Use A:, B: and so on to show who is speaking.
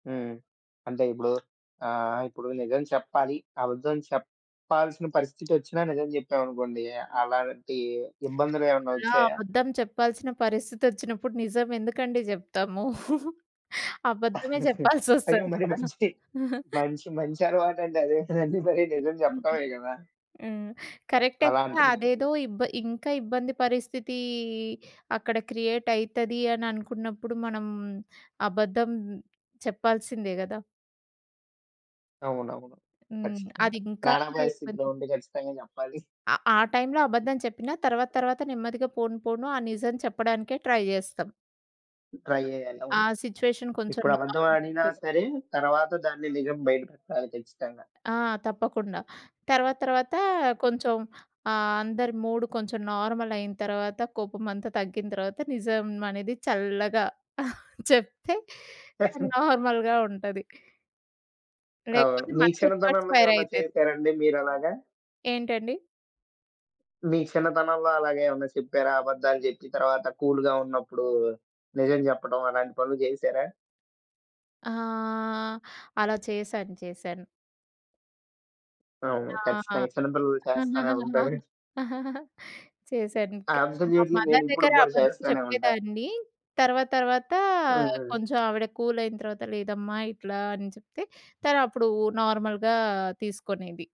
A: హ్మ్. అంటే ఇప్పుడు ఆహ్, ఇప్పుడు నిజం చెప్పాలి, అబద్ధం చెప్పాల్సిన పరిస్థితి ఒచ్చినా నిజం చెప్పామనుకోండి. అలాంటి ఇబ్బందులు ఏమన్నా
B: అలా
A: వచ్చాయా?
B: అబద్ధం చెప్పాల్సిన పరిస్థితోచ్చినప్పుడు, నిజం ఎందుకండీ జేప్తాము? అబద్ధమే
A: అయ్యో!
B: జెప్పాల్సొస్తది
A: మరి
B: కదా!
A: మంచి మంచి మంచి అలవాటండి అది. అదే కదండీ! మరి నిజం
B: హుహు.
A: జెప్పటమే గదా!
B: హ్మ్. కరెక్టె
A: అలా
B: కదా!
A: అంటుంనందుకు.
B: అదేదో ఇబ్బ ఇంకా ఇబ్బంది పరిస్థితి అక్కడ క్రియేటయితది అననుకున్నప్పుడు మనం, అబద్ధం చెప్పాల్సిందే గదా!
A: అవునవును.
B: హ్మ్.
A: ఖచ్చితంగా
B: అదింకా
A: ప్రాణాపాయస్థితిలో
B: ఇబ్బంది.
A: ఉంటే, ఖచ్చితంగా జెప్పాలి.
B: ఆ ఆ టైంలో అబద్ధం చెప్పినా తర్వాత తర్వాత నెమ్మదిగా పోను పోను ఆ నిజం చెప్పడానికే ట్రై జేస్తాం.
A: ట్రై జేయాలి
B: ఆ
A: అవును.
B: సిట్యుయేషన్ కొంచెం
A: ఇప్పుడు అబద్ధం
B: నార్మల్
A: అడినా
B: అయ్యేలోగా.
A: సరే తరువాత దాన్ని నిజం బయటపెట్టాలి ఖచ్చితంగా.
B: ఆ! తప్పకుండా తర్వాత తర్వాత కొంచెం
A: హుహు.
B: ఆ! అందరి మూడ్ కొంచెం నార్మలయిన తర్వాత కోపమంతా తగ్గిన తర్వాత నిజం అనేది చల్లగా చెప్తే
A: పెట్టం
B: నార్మల్‌గా ఉంటది
A: అవును.
B: లేకపోతే
A: మీ
B: మనకే రివర్స్
A: చిన్నతనంలో ఏమన్న
B: ఫైరయితది.
A: చేసారాండి మీరలాగా?
B: ఏంటండి?
A: మీ చిన్నతనంలో అలాగేమనా చెప్పారా? అబద్ధాలు జెప్పి తర్వాత కూల్‌గా ఉన్నప్పుడు, నిజం జెప్పడం అలాంటి పనులు జేసారా?
B: ఆహ్, అలా చేశాను. చేశాను.
A: అవును.
B: ఆ!
A: ఖచ్చితంగా చిన్నపిల్లలు చేస్తానే ఉంటారు.
B: చేశాను క్ మా
A: అబ్సల్యూట్‌లీ
B: మదర్
A: నే‌నీప్పుడు
B: దగ్గర
A: గూడా
B: అబద్ధం
A: చేస్తనే ఉంటా.
B: చెప్పేదాన్ని. తర్వాత తర్వాత
A: హ్మ్. హ్మ్.
B: కొంచెం ఆవిడ కూలయిన తర్వాత, లేదమ్మా ఇట్లా అని చెప్తే తనప్పుడు నార్మల్‌గా తీసుకొనేది.